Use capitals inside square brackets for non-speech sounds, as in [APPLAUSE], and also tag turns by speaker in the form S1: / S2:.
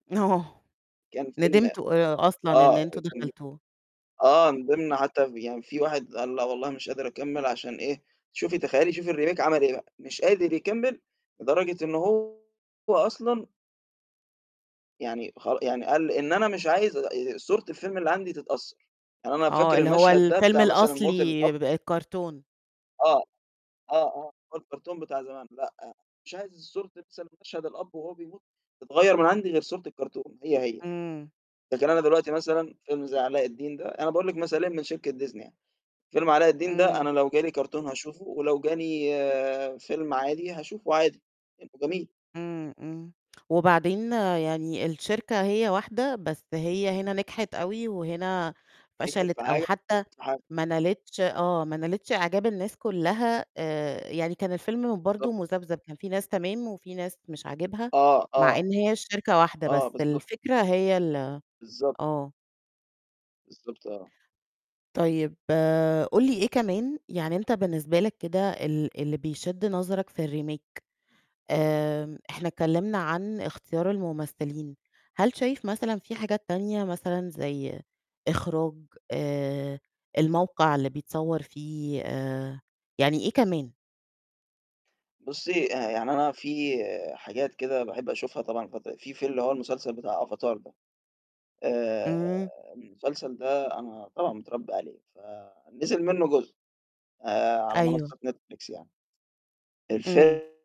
S1: آه
S2: كان فيلم
S1: ندمتوا آآ، أصلًا إن
S2: آه،
S1: أنتم
S2: كان
S1: دخلتوه.
S2: آه من ضمن حتى يعني فيه واحد قال: "لأ والله مش قادر أكمل" عشان إيه؟ شوفي تخيلي شوفي الRemake عمل إيه بقى، مش قادر يكمل لدرجة إن هو أصلًا يعني خر يعني قال: "إن أنا مش عايز آآ صورة الفيلم اللي عندي تتأثر" يعني أنا
S1: آه،
S2: فاكر
S1: اللي هو
S2: المشهد ده
S1: الفيلم
S2: بتاع مثلًا موت الأب
S1: الأصلي ب الكرتون.
S2: آه، آه، آه، هو الكرتون بتاع زمان لأ، مش عايز صورة [UNINTELLIGIBLE] مشهد الأب وهو بيموت تتغير من عندي غير صورة الكرتون هي هي،
S1: امم.
S2: لكن أنا دلوقتي مثلًا فيلم زي علاء الدين ده، أنا باقول لِك مثالين من شركة Disney يعني، فيلم علاء الدين ده أنا
S1: امم.
S2: لو جا لي كرتون هاشوفه، ولو جا لي فيلم عادي هاشوفه عادي، لأنه جميل.
S1: امم، امم، وبعدين يعني الشركة هي واحدة، بس هي هنا نجحت أوي، وهنا فشلت أو حتى
S2: [UNINTELLIGIBLE]
S1: ما نالتش آه، ما نالتش إعجاب الناس كلها آآ، يعني كان الفيلم برضو
S2: بالضبط.
S1: مذبذب، كان فيه ناس تمام وفيه ناس مش عاجبها،
S2: آه،
S1: مع
S2: آه،
S1: إن هي الشركة واحدة،
S2: آه،
S1: بس
S2: بالضبط.
S1: الفكرة هي ال
S2: بالضبط.
S1: آه.
S2: بالضبط، آه.
S1: طيب قُل لي إيه كمان يعني أنت بالنسبة لك كده ال اللي بيشد نظرك في الRemake آمم، إحنا اتكلمنا عن اختيار الممثلين، هل شايف مثلًا فيه حاجات تانية مثلًا زي إخراج؟ آآ، الموقع اللي بيتصور فيه؟ آآ، يعني إيه كمان؟
S2: بُصي آآ، يعني أنا فيه حاجات كده باحب أشوفها طبعًا الفتر فيه في اللي هو المسلسل بتاع Avatar ده، آآ،
S1: امم.
S2: المسلسل ده أنا طبعًا متربي عليه ف نزل منه جزء. آآ، على
S1: أيوه.
S2: منصة Netflix يعني.
S1: امم.
S2: الفي